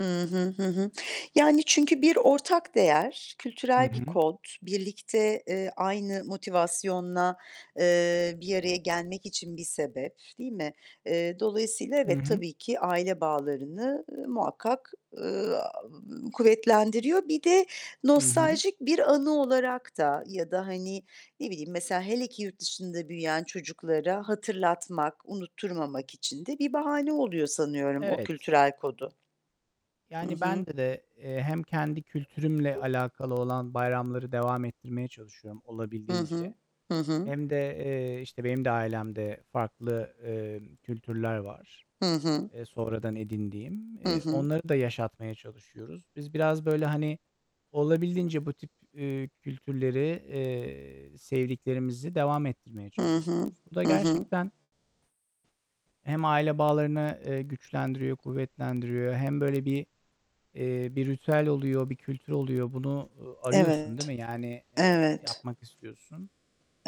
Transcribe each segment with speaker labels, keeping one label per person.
Speaker 1: Hı hı, hı hı. Yani, çünkü bir ortak değer,
Speaker 2: Hı
Speaker 1: kültürel bir
Speaker 2: hı.
Speaker 1: kod, birlikte, eee, aynı motivasyonla, eee, bir araya gelmek için bir sebep, değil mi? Eee, dolayısıyla
Speaker 2: Hı
Speaker 1: evet
Speaker 2: hı.
Speaker 1: tabii ki aile bağlarını, ııı, muhakkak, ııı, kuvvetlendiriyor. Bir de
Speaker 2: Hı hı.
Speaker 1: nostaljik bir anı olarak da ya da hani, ne bileyim, mesela, hele ki yurt dışında büyüyen çocuklara hatırlatmak, unutturmamak için de bir bahane oluyor sanıyorum o
Speaker 2: Evet.
Speaker 1: kültürel kodu. Hı
Speaker 2: Yani,
Speaker 1: hı.
Speaker 2: bende, eee, hem kendi kültürümle alakalı olan bayramları devam ettirmeye çalışıyorum
Speaker 1: Hı
Speaker 2: olabildiğince.
Speaker 1: hı. Hı hı.
Speaker 2: Hem de, eee, işte benim de ailemde farklı, emm, kültürler var,
Speaker 1: Hı hı.
Speaker 2: eee, sonradan edindiğim,
Speaker 1: Hı
Speaker 2: eee,
Speaker 1: hı.
Speaker 2: onları da yaşatmaya çalışıyoruz. Biz biraz, böyle, hani, olabildiğince bu tip, ııı, kültürleri, eee, sevdiklerimizi devam ettirmeye
Speaker 1: Hı hı.
Speaker 2: çalışıyoruz. Bu da
Speaker 1: Hı hı.
Speaker 2: gerçekten hem aile bağlarını, eee, güçlendiriyor, kuvvetlendiriyor. Hem böyle bir, eee, bir ritüel oluyor, bir kültür oluyor. Bunu arıyorsun, değil
Speaker 1: Evet.
Speaker 2: mi? Yani, eee,
Speaker 1: Evet.
Speaker 2: yapmak istiyorsun.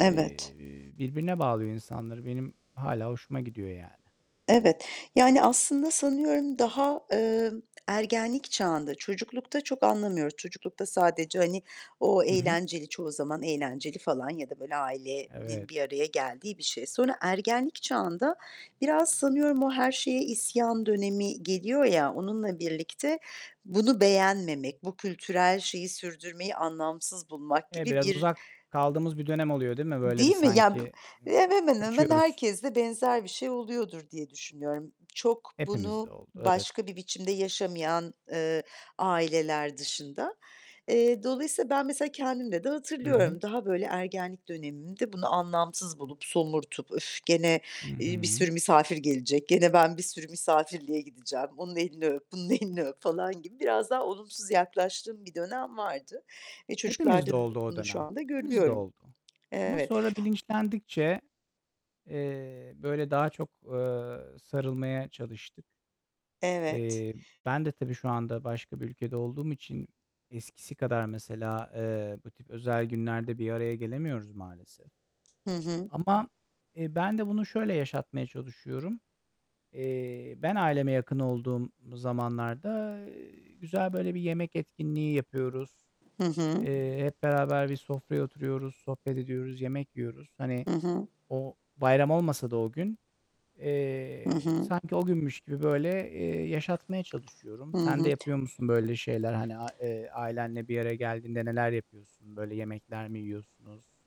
Speaker 2: Eee, birbirine bağlıyor insanları. Benim hâlâ hoşuma gidiyor yani.
Speaker 1: Evet. Yani, aslında, sanıyorum, daha, emm, ergenlik çağında, çocuklukta çok anlamıyoruz, çocuklukta sadece, hani, o
Speaker 2: Hı hı.
Speaker 1: eğlenceli, çoğu zaman eğlenceli falan ya da böyle,
Speaker 2: Evet.
Speaker 1: ailenin bir araya geldiği bir şey. Sonra ergenlik çağında biraz sanıyorum o her şeye isyan dönemi geliyor ya, onunla birlikte bunu beğenmemek, bu kültürel şeyi sürdürmeyi anlamsız bulmak
Speaker 2: Eee,
Speaker 1: gibi
Speaker 2: biraz
Speaker 1: bir,
Speaker 2: uzak kaldığımız bir dönem oluyor değil mi,
Speaker 1: e
Speaker 2: böyle, bir?
Speaker 1: Değil mi ya
Speaker 2: Sanki, ımm,
Speaker 1: Hemen hemen
Speaker 2: kaçıyoruz.
Speaker 1: herkesle benzer bir şey oluyordur diye düşünüyorum. Çok
Speaker 2: Hepimizde
Speaker 1: bunu
Speaker 2: oldu. Evet.
Speaker 1: başka bir biçimde yaşamayan, eee, aileler dışında. Eee, dolayısıyla ben, mesela, kendimde de
Speaker 2: Hı hı.
Speaker 1: hatırlıyorum. Daha böyle ergenlik dönemimde bunu anlamsız bulup, somurtup, "Öf gene,
Speaker 2: Hı
Speaker 1: iii, bir
Speaker 2: hı.
Speaker 1: sürü misafir gelecek, gene ben bir sürü misafirliğe gideceğim, onun elini öp, bunun elini öp." falan gibi biraz daha olumsuz yaklaştığım bir dönem vardı. E,
Speaker 2: Hepimizde
Speaker 1: çocuklarda da
Speaker 2: oldu o
Speaker 1: bunu şu
Speaker 2: dönem.
Speaker 1: anda
Speaker 2: Hepimizde
Speaker 1: görüyorum.
Speaker 2: oldu. Ama
Speaker 1: Evet.
Speaker 2: sonra bilinçlendikçe, eee, böyle, daha çok, ııı, sarılmaya çalıştık.
Speaker 1: Evet.
Speaker 2: Eee, ben de tabii şu anda başka bir ülkede olduğum için eskisi kadar, mesela, eee, bu tip özel günlerde bir araya gelemiyoruz maalesef.
Speaker 1: Hı hı.
Speaker 2: Ama, eee, ben de bunu şöyle yaşatmaya çalışıyorum. Eee, ben aileme yakın olduğum zamanlarda, güzel böyle bir yemek etkinliği yapıyoruz.
Speaker 1: Hı hı.
Speaker 2: Eee, hep beraber bir sofraya oturuyoruz, sohbet ediyoruz, yemek yiyoruz. Hani,
Speaker 1: Hı hı.
Speaker 2: o, bayram olmasa da o gün,
Speaker 1: Hı
Speaker 2: eee,
Speaker 1: hı.
Speaker 2: sanki o günmüş gibi böyle, eee, yaşatmaya çalışıyorum.
Speaker 1: Hı
Speaker 2: Sen de
Speaker 1: hı.
Speaker 2: yapıyor musun böyle şeyler? Hani a eee, ailenle bir araya geldiğinde neler yapıyorsun? Böyle yemekler mi yiyorsunuz?